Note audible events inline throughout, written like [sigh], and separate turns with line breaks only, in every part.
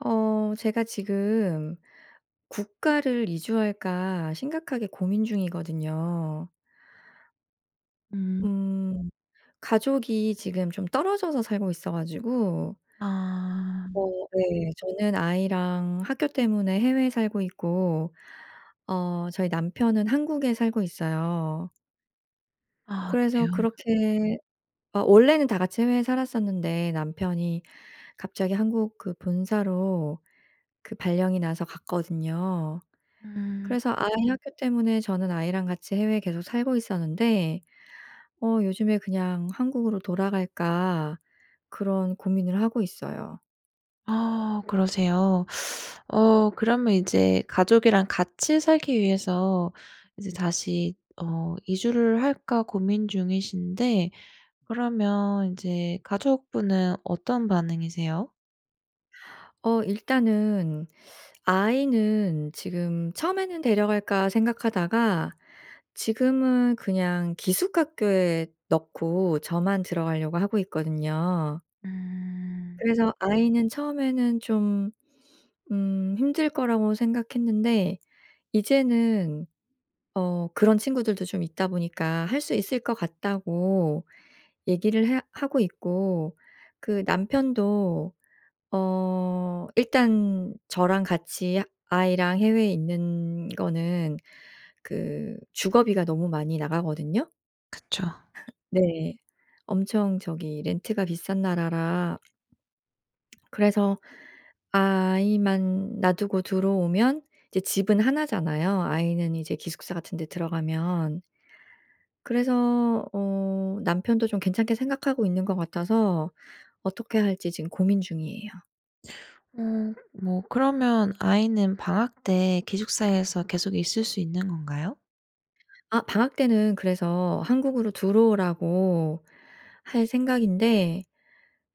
어 제가 지금 국가를 이주할까 심각하게 고민 중이거든요.
음.
음 가족이 지금 좀 떨어져서 살고 있어가지고 어
아.
네, 저는 아이랑 학교 때문에 해외에 살고 있고 어 저희 남편은 한국에 살고 있어요.
아
그래서
그래요?
그렇게 어 원래는 다 같이 해외에 살았었는데 남편이 갑자기 한국 그 본사로 그 발령이 나서 갔거든요.
음.
그래서 아이 학교 때문에 저는 아이랑 같이 해외에 계속 살고 있었는데 어 요즘에 '그냥 한국으로 돌아갈까.' 그런 고민을 하고 있어요.
아 그러세요. [sucks teeth] 어 그러면 이제 가족이랑 같이 살기 위해서 이제 다시 어 이주를 할까 고민 중이신데 그러면 이제 가족분은 어떤 반응이세요?
어 일단은 아이는 지금 처음에는 '데려갈까?' 생각하다가 지금은 그냥 기숙 학교에 넣고 저만 들어가려고 하고 있거든요.
음.
그래서 아이는 처음에는 좀 음 힘들 거라고 생각했는데 이제는 어 그런 친구들도 좀 있다 보니까 "할 수 있을 것 같다."고 얘기를 해 하고 있고 그 남편도 어 일단 저랑 같이 아이랑 해외에 있는 거는 그 주거비가 너무 많이 나가거든요.
그쵸.
[laughs] 네. 엄청 저기 렌트가 비싼 나라라 [swallows] 그래서 아이만 놔두고 들어오면 이제 집은 1 잖아요, 아이는 이제 기숙사 같은 데 들어가면. 그래서 어 남편도 좀 괜찮게 생각하고 있는 것 같아서 어떻게 할지 지금 고민 중이에요.
어 뭐 그러면 아이는 방학 때 기숙사에서 계속 있을 수 있는 건가요?
아 방학때는 그래서 한국으로 들어오라고 할 생각인데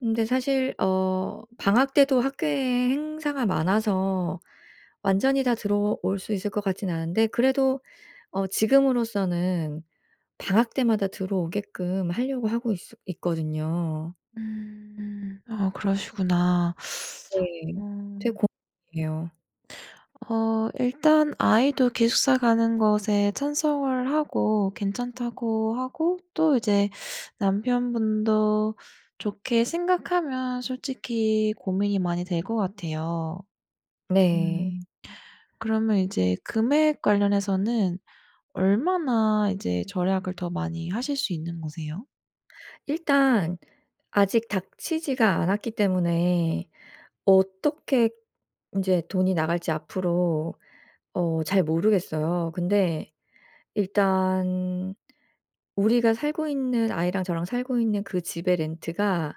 근데 사실 어 방학때도 학교에 행사가 많아서 완전히 다 들어올 수 있을 것 같지는 않은데 그래도 어 지금으로서는 방학 때마다 들어오게끔 하려고 하고 있어 있거든요.
음. 아 그러시구나. [sucks teeth]
네. 되게
어.
고민이에요.
어 일단 아이도 기숙사 가는 것에 찬성을 하고 괜찮다고 하고 또 이제 [sucks teeth] 남편분도 좋게 생각하면 솔직히 고민이 많이 될 것 같아요.
네.
음. 그러면 이제 금액 관련해서는 얼마나 이제 절약을 더 많이 하실 수 있는 거세요?
일단 아직 닥치지가 않았기 때문에 어떻게 인제 돈이 나갈지 앞으로 어 잘 모르겠어요. 근데 일단 우리가 살고 있는 아이랑 저랑 살고 있는 그 집의 렌트가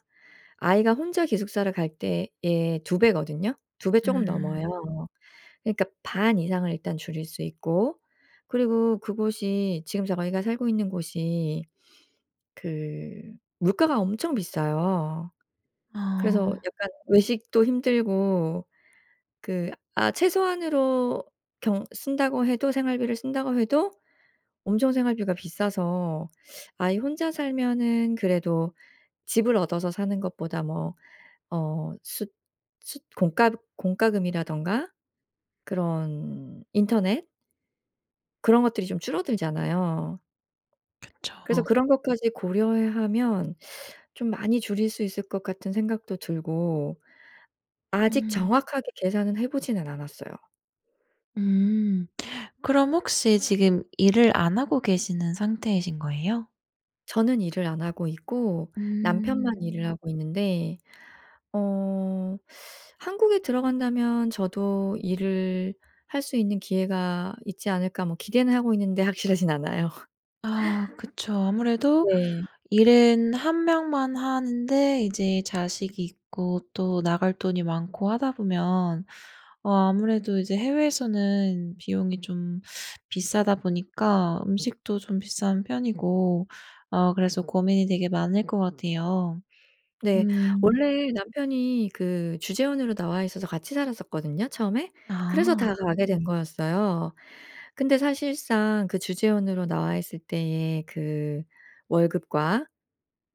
아이가 혼자 기숙사를 갈 때에 2 배거든요. 2 배 조금 넘어요.
음.
그러니까 반 이상을 일단 줄일 수 있고 그리고 그곳이 지금 저희가 살고 있는 곳이 그 물가가 엄청 비싸요. 그래서
아.
약간 외식도 힘들고 그 아 최소한으로 경 쓴다고 해도 생활비를 쓴다고 해도 엄청 생활비가 비싸서 아이 혼자 살면은 그래도 집을 얻어서 사는 것보다 뭐 어 숫 숫 공과그 공과금이라든가 그런 인터넷 그런 것들이 좀 줄어들잖아요. 그래서
그쵸.
그런 것까지 고려해 하면 [sucks teeth] 좀 많이 줄일 수 있을 것 같은 생각도 들고 아직
음.
정확하게 계산은 해보지는 않았어요.
음. 그럼 혹시 지금 일을 안 하고 계시는 상태이신 거예요?
저는 일을 안 하고 있고 남편만
음.
일을 하고 있는데 어 한국에 들어간다면 저도 '일을 할 수 있는 기회가 있지 않을까.' 뭐 기대는 하고 있는데 확실하진 않아요.
아
[laughs]
그쵸. 아무래도
네.
일은 1 명만 하는데 이제 자식이 있고 또 나갈 돈이 많고 하다 보면 어 아무래도 이제 해외에서는 비용이 좀 비싸다 보니까 음식도 좀 비싼 편이고 어 그래서 고민이 되게 많을 것 같아요.
네.
음.
원래 남편이 그 주재원으로 나와 있어서 같이 살았었거든요 처음에.
아.
그래서 다 가게 된 거였어요. 근데 사실상 그 주재원으로 나와 있을 때에 그 월급과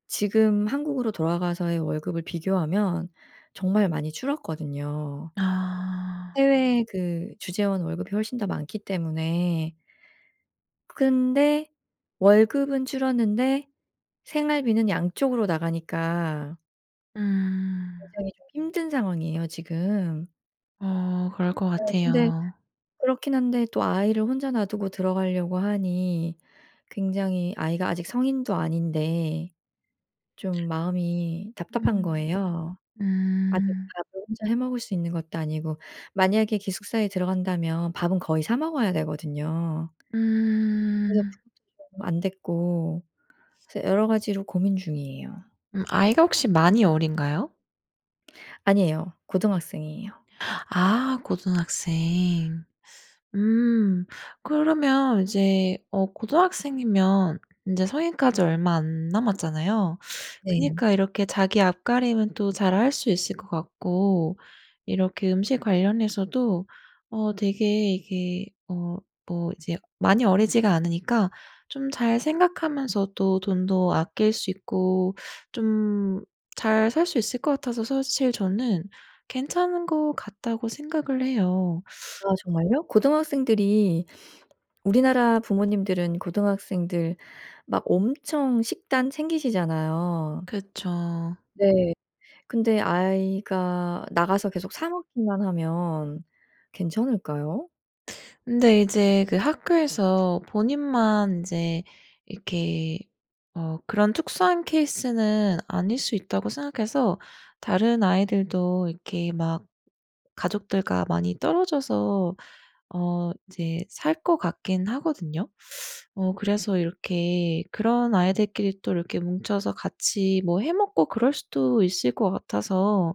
지금 한국으로 돌아가서의 월급을 비교하면 정말 많이 줄었거든요.
아.
해외 그 주재원 월급이 훨씬 더 많기 때문에 그 근데 월급은 줄었는데 생활비는 양쪽으로 나가니까
음.
굉장히 좀 힘든 상황이에요 지금.
어 그럴 것
어 근데
같아요.
그렇긴 한데 또 아이를 혼자 놔두고 들어가려고 하니 굉장히 아이가 아직 성인도 아닌데 좀 마음이 답답한
음.
거예요. 아직
음.
밥을 혼자 해 먹을 수 있는 것도 아니고 만약에 기숙사에 들어간다면 밥은 거의 사 먹어야 되거든요. 그래서
음.
그것도 좀 안됐고 그래서 여러 가지로 고민 중이에요.
음 아이가 혹시 많이 어린가요?
아니에요. 고등학생이에요.
아 고등학생. 음. 그러면 이제 어 고등학생이면 인제 성인까지 얼마 안 남았잖아요.
네.
그러니까 이렇게 자기 앞가림은 또 잘 할 수 있을 것 같고 이렇게 음식 관련해서도 어 되게 이게 어 뭐 이제 많이 어리지가 않으니까 좀 잘 생각하면서도 돈도 아낄 수 있고 좀 잘 살 수 있을 것 같아서 사실 저는 ‘괜찮은 거 같다.‘고 생각을 해요.
아 정말요? 고등학생들이 우리나라 부모님들은 고등학생들 막 엄청 식단 챙기시잖아요.
그쵸.
네. 근데 아이가 나가서 계속 사 먹기만 하면 괜찮을까요?
근데 이제 그 학교에서 본인만 인제 이렇게 어 ‘그런 특수한 케이스는 아닐 수 있다.‘고 생각해서 다른 아이들도 이렇게 막 가족들과 많이 떨어져서 어 이제 살 것 같긴 하거든요. [sucks teeth] 어 그래서 이렇게 그런 아이들끼리 또 이렇게 뭉쳐서 같이 뭐 해 먹고 그럴 수도 있을 거 같아서.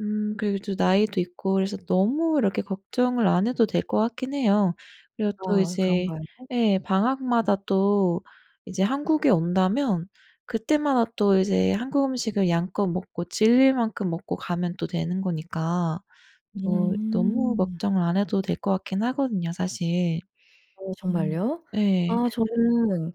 음 그리고 또 나이도 있고 그래서 너무 이렇게 걱정을 안 해도 될 것 같긴 해요. 그리고 또
아
이제
그런가요?
예 방학마다 또 이제 한국에 온다면 그때마다 또 이제 한국 음식을 양껏 먹고 질릴 만큼 먹고 가면 또 되는 거니까 또 너무
음.
걱정을 안 해도 될 것 같긴 하거든요 사실.
어
음
정말요?
네.
아 저는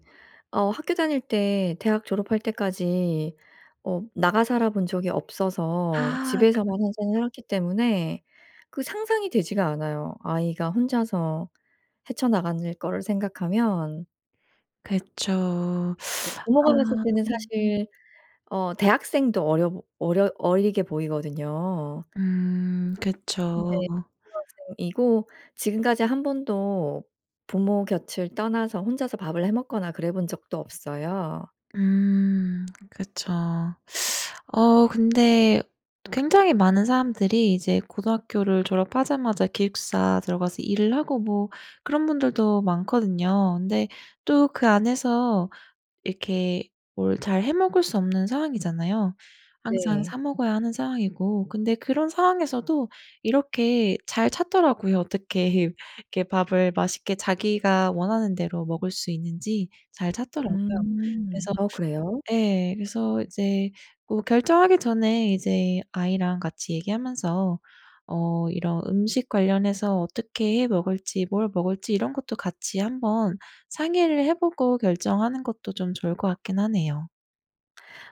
어 학교 다닐 때 대학 졸업할 때까지 어 나가 살아본 적이 없어서
아.
집에서만
그렇
항상 살았기 때문에 그 상상이 되지가 않아요. 아이가 혼자서 헤쳐나가는 거를 생각하면
그쵸. [sucks teeth]
부모가 봤을
아.
때는 사실 어 대학생도 어려 보 어려 어리게 보이거든요.
음
네
그쵸.
고등학생이고 지금까지 1 번도 부모 곁을 떠나서 혼자서 밥을 해 먹거나 그래본 적도 없어요.
음 그쵸. 어 근데 굉장히 많은 사람들이 이제 고등학교를 졸업하자마자 기숙사 들어가서 일을 하고 뭐 그런 분들도 많거든요. 근데 또 그 안에서 이렇게 뭘 잘 해 먹을 수 없는 상황이잖아요. 항상 사
네.
먹어야 하는 상황이고 근데 그런 상황에서도 이렇게 잘 찾더라고요. 어떻게 이렇게 밥을 맛있게 자기가 원하는 대로 먹을 수 있는지 잘 찾더라고요.
음
그래서
어 그래요?
예 그래서 이제 뭐 결정하기 전에 이제 아이랑 같이 얘기하면서 어 이런 음식 관련해서 어떻게 해 먹을지 뭘 먹을지 이런 것도 같이 한번 상의를 해 보고 결정하는 것도 좀 좋을 것 같긴 하네요.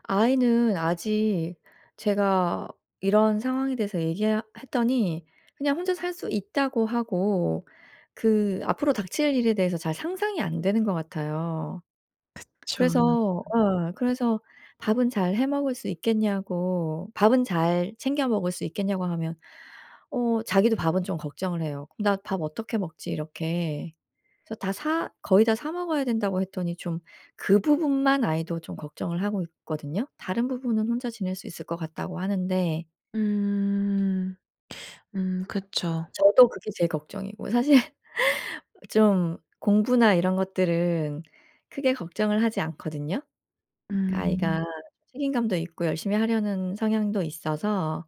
아이는 아직 제가 이런 상황에 대해서 얘기 하 했더니 그냥 “혼자 살 수 있다.“고 하고 그 앞으로 닥칠 일에 대해서 잘 상상이 안 되는 것 같아요.
그쵸.
그래서 어 그래서 “밥은 잘 해 먹을 수 있겠냐?“고 “밥은 잘 챙겨 먹을 수 있겠냐?“고 하면 어 자기도 밥은 좀 걱정을 해요. "나 밥 어떻게 먹지?" 이렇게. 그래서 “다 사 거의 다 사 먹어야 된다.“고 했더니 좀 그 부분만 아이도 좀 걱정을 하고 있거든요. “다른 부분은 혼자 지낼 수 있을 것 같다.“고 하는데
음. 음 그쵸.
저도 그게 제일 걱정이고 사실 좀 공부나 이런 것들은 크게 걱정을 하지 않거든요.
음.
아이가 책임감도 있고 열심히 하려는 성향도 있어서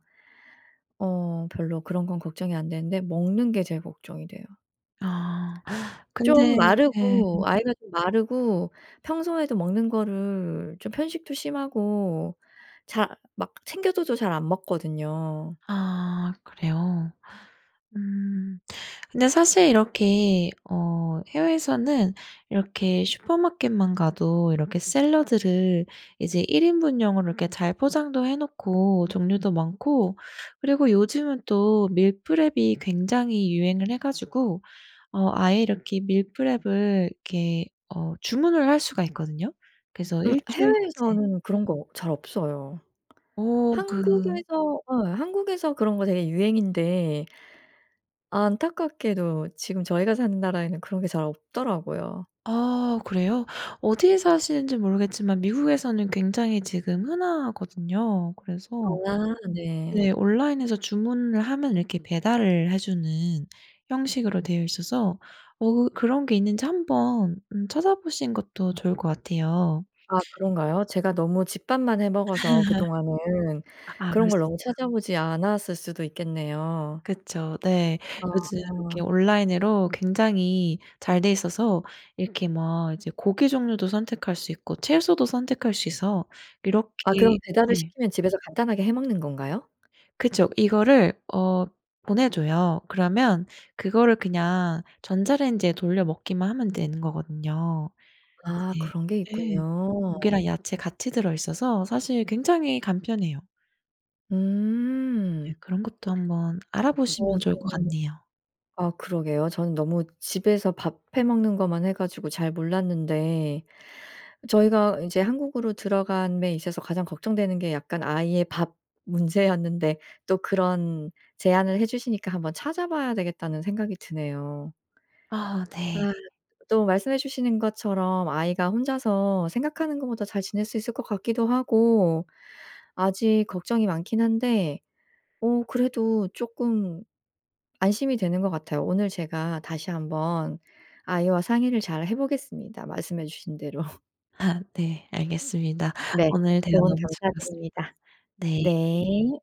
어 별로 그런 건 걱정이 안되는데 먹는 게 제일 걱정이 돼요.
아
좀
근데 예.
마르고 아이가 좀 마르고 평소에도 먹는 거를 좀 편식도 심하고 작 막 챙겨줘도 잘 안 먹거든요.
아 그래요? 음. 근데 사실 이렇게 어 해외에서는 이렇게 슈퍼마켓만 가도 이렇게 샐러드를 이제 1 인분용으로 이렇게 잘 포장도 해 놓고 종류도 많고 그리고 요즘은 또 밀프렙이 굉장히 유행을 해 가지고 어 아예 이렇게 밀프렙을 이렇게 어 주문을 할 수가 있거든요. 그래서
음
1 주일치
해외에서는 그런 거 잘 없어요.
오 그
한국에서 어 한국에서 그런 거 되게 유행인데 안타깝게도 지금 저희가 사는 나라에는 그런 게 잘 없더라구요.
아 그래요? 어디에 사시는지 모르겠지만 미국에서는 굉장히 지금 흔하거든요. 그래서
아 네.
네 온라인에서 주문을 하면 이렇게 배달을 해 주는 형식으로 되어 있어서 어 어 그런 게 있는지 한번 음 찾아보시는 것도 좋을 것 같아요.
아 그런가요? 제가 너무 집밥만 해 먹어서 그동안은
[laughs] 아 그럴
그런 걸
수
너무
있죠.
찾아보지 않았을 수도 있겠네요.
그쵸 네. 요즘
아.
이렇게 온라인으로 굉장히 잘 돼 있어서 이렇게 막 이제 고기 종류도 선택할 수 있고 채소도 선택할 수 있어
아
이렇게
그럼 배달을
예.
시키면 집에서 간단하게 해 먹는 건가요?
그쵸. 이거를 어 보내줘요. 그러면 그거를 그냥 전자레인지에 돌려 먹기만 하면 되는 거거든요.
아
이제
그런 게
네
있군요.
고기랑 야채 같이 들어있어서 사실 굉장히 간편해요. 네
음.
그런 것도 한번
어
알아보시면 좋을 것
저는
같네요.
아 그러게요. 저는 너무 집에서 밥 해 먹는 것만 해 가지고 잘 몰랐는데 저희가 이제 한국으로 들어감에 있어서 가장 걱정되는 게 약간 아이의 밥 문제였는데 또 그런 제안을 해 주시니까 ‘한번 찾아봐야 되겠다.‘는 생각이 드네요.
아 네.
아 또 말씀해 주시는 것처럼 아이가 혼자서 생각하는 것보다 잘 지낼 수 있을 것 같기도 하고 아직 걱정이 많긴 한데 어 그래도 쪼끔 안심이 되는 것 같아요. 오늘 제가 다시 한번 아이와 상의를 잘 해 보겠습니다 말씀해 주신 대로. [laughs]
아 네. 알겠습니다.
네.
오늘 대화
조언
너무 즐거웠습니다.
감사드립니다.
네.
네.